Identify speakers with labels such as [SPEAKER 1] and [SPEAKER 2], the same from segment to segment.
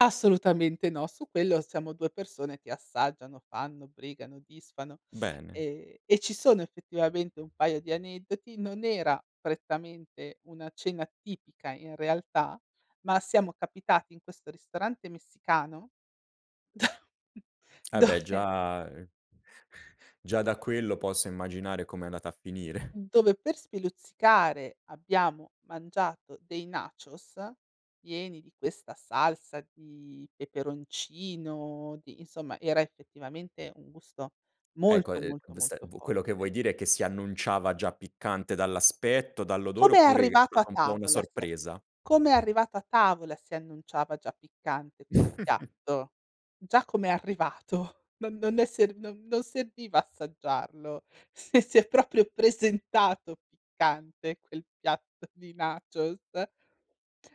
[SPEAKER 1] Assolutamente no. Su quello siamo 2 persone che assaggiano, fanno, brigano, disfano
[SPEAKER 2] Bene.
[SPEAKER 1] e e ci sono effettivamente un paio di aneddoti. Non era prettamente una cena tipica, in realtà, ma siamo capitati in questo ristorante messicano,
[SPEAKER 2] Ah,
[SPEAKER 1] da
[SPEAKER 2] beh
[SPEAKER 1] dove
[SPEAKER 2] già e già da quello posso immaginare come è andata a finire.
[SPEAKER 1] dove per speluzzicare abbiamo mangiato dei nachos pieni di questa salsa di peperoncino, di, insomma, era effettivamente un gusto
[SPEAKER 2] Ecco,
[SPEAKER 1] molto,
[SPEAKER 2] ehm,
[SPEAKER 1] molto,
[SPEAKER 2] v sta
[SPEAKER 1] molto
[SPEAKER 2] quello che
[SPEAKER 1] forte.
[SPEAKER 2] vuoi dire è che si annunciava già piccante dall'aspetto, dall'odore
[SPEAKER 1] Come è
[SPEAKER 2] oppure è
[SPEAKER 1] arrivato a
[SPEAKER 2] stata un po' una
[SPEAKER 1] tavola si a
[SPEAKER 2] sorpresa?
[SPEAKER 1] come è arrivato a tavola si annunciava già piccante quel piatto. Già come è arrivato non non è serv non non serviva assaggiarlo. Sì, si è proprio presentato piccante quel piatto di nachos.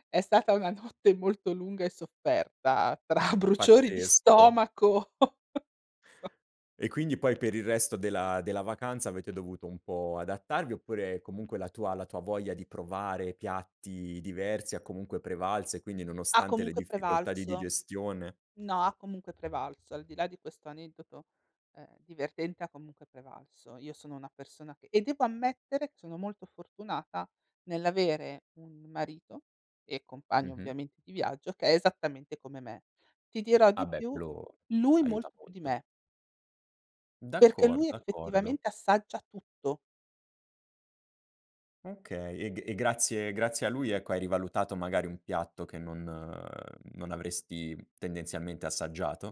[SPEAKER 1] È stata una notte molto lunga e sofferta tra bruciori di
[SPEAKER 2] Pazzesco.
[SPEAKER 1] stomaco.
[SPEAKER 2] E quindi poi per il resto della della vacanza avete dovuto un po' adattarvi oppure comunque la tua la tua voglia di provare piatti diversi ha comunque prevalso e quindi
[SPEAKER 1] Ha
[SPEAKER 2] nonostante le
[SPEAKER 1] comunque
[SPEAKER 2] difficoltà di
[SPEAKER 1] prevalso.
[SPEAKER 2] digestione
[SPEAKER 1] No, ha comunque prevalso. Al di là di questo aneddoto, ehm, divertente, ha comunque prevalso. Io sono una persona che e devo ammettere che sono molto fortunata nell'avere un marito e compagno
[SPEAKER 2] Mh-mh.
[SPEAKER 1] ovviamente di viaggio, che è esattamente come me. Ti dirò
[SPEAKER 2] Ah
[SPEAKER 1] di
[SPEAKER 2] beh,
[SPEAKER 1] più,
[SPEAKER 2] quello
[SPEAKER 1] lui
[SPEAKER 2] aiuta
[SPEAKER 1] molto più di
[SPEAKER 2] molto.
[SPEAKER 1] me. Perché
[SPEAKER 2] D'accordo,
[SPEAKER 1] lui
[SPEAKER 2] d'accordo.
[SPEAKER 1] effettivamente assaggia tutto.
[SPEAKER 2] Okay, e g grazie grazie a lui ecco, hai rivalutato magari un piatto che non non avresti tendenzialmente assaggiato?